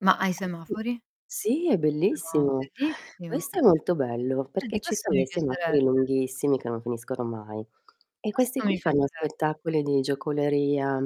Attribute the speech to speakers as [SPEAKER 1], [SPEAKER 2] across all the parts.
[SPEAKER 1] Ma ai
[SPEAKER 2] Così
[SPEAKER 1] semafori?
[SPEAKER 2] sì, è
[SPEAKER 1] No,
[SPEAKER 2] bellissimo.
[SPEAKER 1] bellissimo.
[SPEAKER 2] Questo è molto bello
[SPEAKER 1] Vedi,
[SPEAKER 2] perché ci
[SPEAKER 1] questo
[SPEAKER 2] son
[SPEAKER 1] mi
[SPEAKER 2] dei semafori
[SPEAKER 1] piacerebbe.
[SPEAKER 2] lunghissimi, che non finiscono mai, e questi
[SPEAKER 1] Questo
[SPEAKER 2] qui
[SPEAKER 1] mi
[SPEAKER 2] fanno
[SPEAKER 1] piacerebbe.
[SPEAKER 2] spettacoli di giocoleria,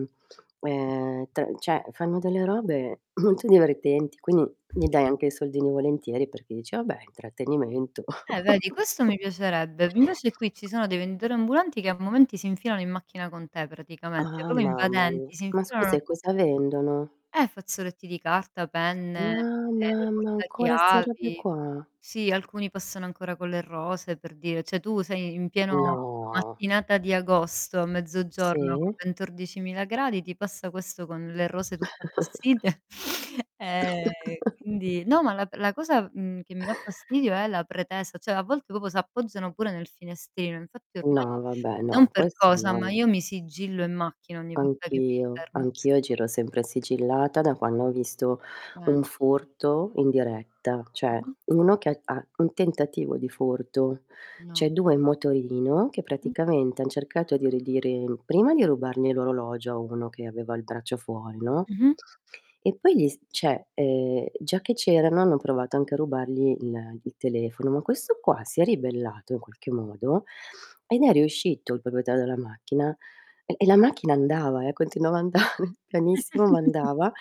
[SPEAKER 2] ehm, te cioè fanno delle robe molto divertenti, quindi gli dai anche i soldini volentieri perché dici: "Ah beh, è intrattenimento".
[SPEAKER 1] Eh vedi, questo mi piacerebbe. Invece qui ci sono dei venditori ambulanti che a momenti si infilano in macchina con te praticamente,
[SPEAKER 2] Ah,
[SPEAKER 1] proprio
[SPEAKER 2] mamma mia.
[SPEAKER 1] invadenti, si
[SPEAKER 2] Ma scusa
[SPEAKER 1] infilano
[SPEAKER 2] e cosa vendono?
[SPEAKER 1] Eh, fazzoletti di carta, penne,
[SPEAKER 2] Ah,
[SPEAKER 1] ehm,
[SPEAKER 2] mamma, ancora 'ste robe
[SPEAKER 1] portachiavi.
[SPEAKER 2] qua?
[SPEAKER 1] Sì, alcuni passano ancora con le rose per dire, cioè tu sei in pieno
[SPEAKER 2] No.
[SPEAKER 1] mattinata di agosto, a mezzogiorno, con
[SPEAKER 2] Sì.
[SPEAKER 1] ventordici mila gradi, ti passa questo con le rose tutte appassite. Ehm, e quindi no ma la p la cosa, mhmm, che mi dà fastidio è la pretesa, cioè a volte proprio s'appoggiano pure nel finestrino, infatti ormai
[SPEAKER 2] No, vabbè,
[SPEAKER 1] non
[SPEAKER 2] no,
[SPEAKER 1] per
[SPEAKER 2] questo
[SPEAKER 1] cosa,
[SPEAKER 2] no,
[SPEAKER 1] ma
[SPEAKER 2] no.
[SPEAKER 1] io mi sigillo in macchina ogni volta che mi
[SPEAKER 2] Anch'io,
[SPEAKER 1] fermo al
[SPEAKER 2] anch'io
[SPEAKER 1] sema
[SPEAKER 2] giro sempre sigillata da quando ho visto
[SPEAKER 1] Eh.
[SPEAKER 2] un furto in diretta, cioè
[SPEAKER 1] Mh-mh.
[SPEAKER 2] uno che ha ha un tentativo di furto: cioè
[SPEAKER 1] No.
[SPEAKER 2] 2 in motorino che
[SPEAKER 1] Mh.
[SPEAKER 2] praticamente han cercato di ridire prima di rubargli l'orologio a uno che aveva il braccio fuori, no,
[SPEAKER 1] Mh-mh.
[SPEAKER 2] e poi gli s cioè, ehm, già che c'erano, hanno provato anche a rubargli il il telefono, ma questo qua si è ribellato in qualche modo ed è riuscito, il proprietario della macchina, e e la macchina andava eh, continuava a andare, pianissimo, ma andava;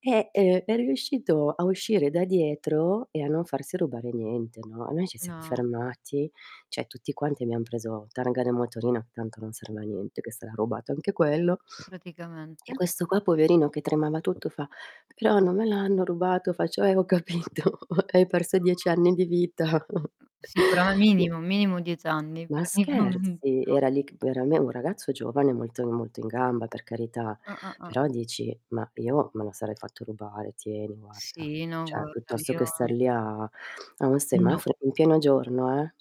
[SPEAKER 2] e, ehm, è riuscito a uscire da dietro e a non farsi rubare niente, no. E noi ci siam
[SPEAKER 1] No.
[SPEAKER 2] fermati, cioè tutti quanti abbiam preso targa del motorino- tanto non serve a niente, che sarà rubato anche quello- e
[SPEAKER 1] Praticamente.
[SPEAKER 2] questo qua poverino che tremava tutto fa: "Però non me l'hanno rubato". Faccio: "Eh, ho capito, hai perso 10
[SPEAKER 1] No.
[SPEAKER 2] anni di vita!"
[SPEAKER 1] Mh, sicurame
[SPEAKER 2] N
[SPEAKER 1] minimo, minimo 10 anni,
[SPEAKER 2] Ma
[SPEAKER 1] praticamen
[SPEAKER 2] scherzi?
[SPEAKER 1] no.
[SPEAKER 2] Era lì ch era m un ragazzo giovane, molto molto in gamba per carità,
[SPEAKER 1] Ah, ah, ah.
[SPEAKER 2] però dici: "Mah, io me la sarei fatto rubare: tieni, guarda".
[SPEAKER 1] Sì, no,
[SPEAKER 2] Cioè,
[SPEAKER 1] guarda
[SPEAKER 2] piuttosto
[SPEAKER 1] io
[SPEAKER 2] che star lì a a a un
[SPEAKER 1] No.
[SPEAKER 2] semaforo in pieno giorno eh,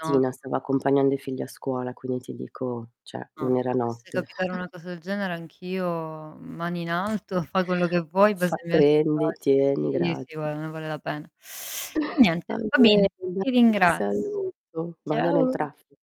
[SPEAKER 1] No [unintelligible]
[SPEAKER 2] stava accompagnando i figli a scuola, quindi ti dico cioè,
[SPEAKER 1] No,
[SPEAKER 2] non era
[SPEAKER 1] se dovesse
[SPEAKER 2] notte.
[SPEAKER 1] capitare una cosa del genere anch'io mani in alto, fa quello che vuoi,
[SPEAKER 2] Fa:
[SPEAKER 1] basta mi lasci in
[SPEAKER 2] "Prendi,
[SPEAKER 1] pace.
[SPEAKER 2] tieni,
[SPEAKER 1] Sì,
[SPEAKER 2] graz"
[SPEAKER 1] sì, gua non ne vale la pena. E
[SPEAKER 2] Va
[SPEAKER 1] niente, va
[SPEAKER 2] bene
[SPEAKER 1] bene. Ti
[SPEAKER 2] dai, ti
[SPEAKER 1] ringraz
[SPEAKER 2] saluto, vado nel
[SPEAKER 1] Ciao.
[SPEAKER 2] traffi